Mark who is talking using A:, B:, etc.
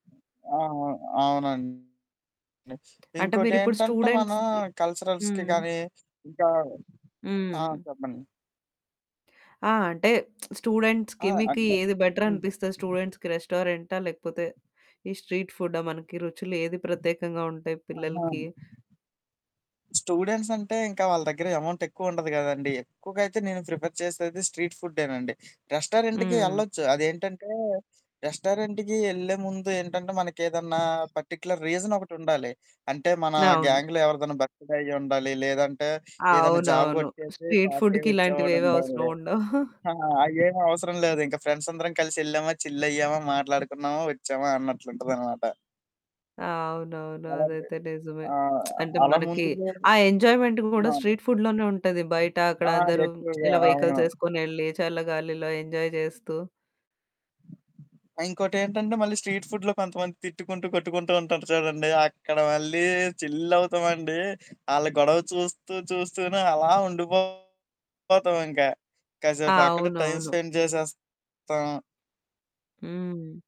A: ఆ! ఆ! అవునండి.
B: అంటే, మీరిప్పుడు
A: ఇంకోటేంటంటే, మనం
B: స్టూడెంట్స్‌‌ది
A: కల్చరల్స్‌కి
B: హ్మ్.
A: గానీ, ఇంకా ఆ!
B: హ్మ్.
A: చెప్పండి.
B: ఆ! అంటే,
A: ఆ!
B: స్టూడెంట్స్‌కి, మీకు
A: అంటే
B: ఏది
A: హ్మ్.
B: బెటరనిపిస్తది స్టూడెంట్స్‌కి రెస్టారెంటా, లేకపోతే ఈ స్ట్రీట్ ఫుడ్డా? మనకి రుచులు ఏది ప్రత్యేకంగా ఉంటాయి
A: ఆహా!
B: పిల్లలకి?
A: స్టూడెంట్సంటే ఇంక వాళ్ళ దగ్గర ఎమౌంటెక్కువ ఉండదు గదండీ! ఎక్కువుగా అయితే నేను ప్రిఫర్ చేసేది స్ట్రీట్ ఫుడ్డేనండి. రెస్టారెంటుకి
B: హ్మ్.
A: యెళ్లచ్చు, అదేంటంటే, రెస్టారెంటుకీ యెళ్ళే ముందు ఏంటంటే, మనకేదన్నా పర్టిక్యులర్ రీజనొకటుండాలి. అంటే మనా
B: అవును.
A: గ్యాంగ్‌లో ఎవరిదన్నా బర్త్‌‌డే అయ్యుండాలి, లేదంటే ఏదన్నా జాబు
B: అవునవును.
A: గొట్టేసీ
B: స్ట్రీట్
A: పార్టీ
B: ఫుడ్డుకిలాంటివేవీ
A: ఇచ్చేవాడుండాలి.
B: అవసరవుండవు.
A: ఆ! అయ్యేమవసరం లేదింక, ఫ్రెండ్సందరం కలిసెళ్ళామా, చిల్లయ్యామా, మాట్లాడుకున్నామా, ఒచ్చామా అన్నట్లుంటదనమాట.
B: ఆ! అవునవును.
A: అలాంటి
B: అదైతే నిజమే.
A: ఆ!
B: అంటే,
A: అలా
B: మనకి
A: ముందుగానే
B: ఆ ఎంజాయ్‌మెంట్ గూడా
A: అవును.
B: స్ట్రీట్ ఫుడ్‌లోనే ఉంటది. బయటా
A: ఆ!
B: అక్కడందరూ
A: ఎక్కువగా.
B: ఇలా
A: అవును.
B: వెహికల్సేసుకొనెళ్ళీ, చల్ల గాలిలో ఎంజాయ్ జేస్తూ.
A: ఆ! ఇంకోటేంటంటే, మళ్ళీ స్ట్రీట్ ఫుడ్‌లో కొంతమంది తిట్టుకుంటూ, కొట్టుకుంటూ ఉంటారు చూడండి అక్కడ మళ్ళీ చిల్లవుతామండీ. ఆళ్ళ గొడవ చూస్తూ చూస్తూనే అలా ఉండిపోతామింక. కసేపక్కడే టైమ్
B: అవునవును.
A: స్పెండ్ చేసేస్తాం.
B: హ్మ్.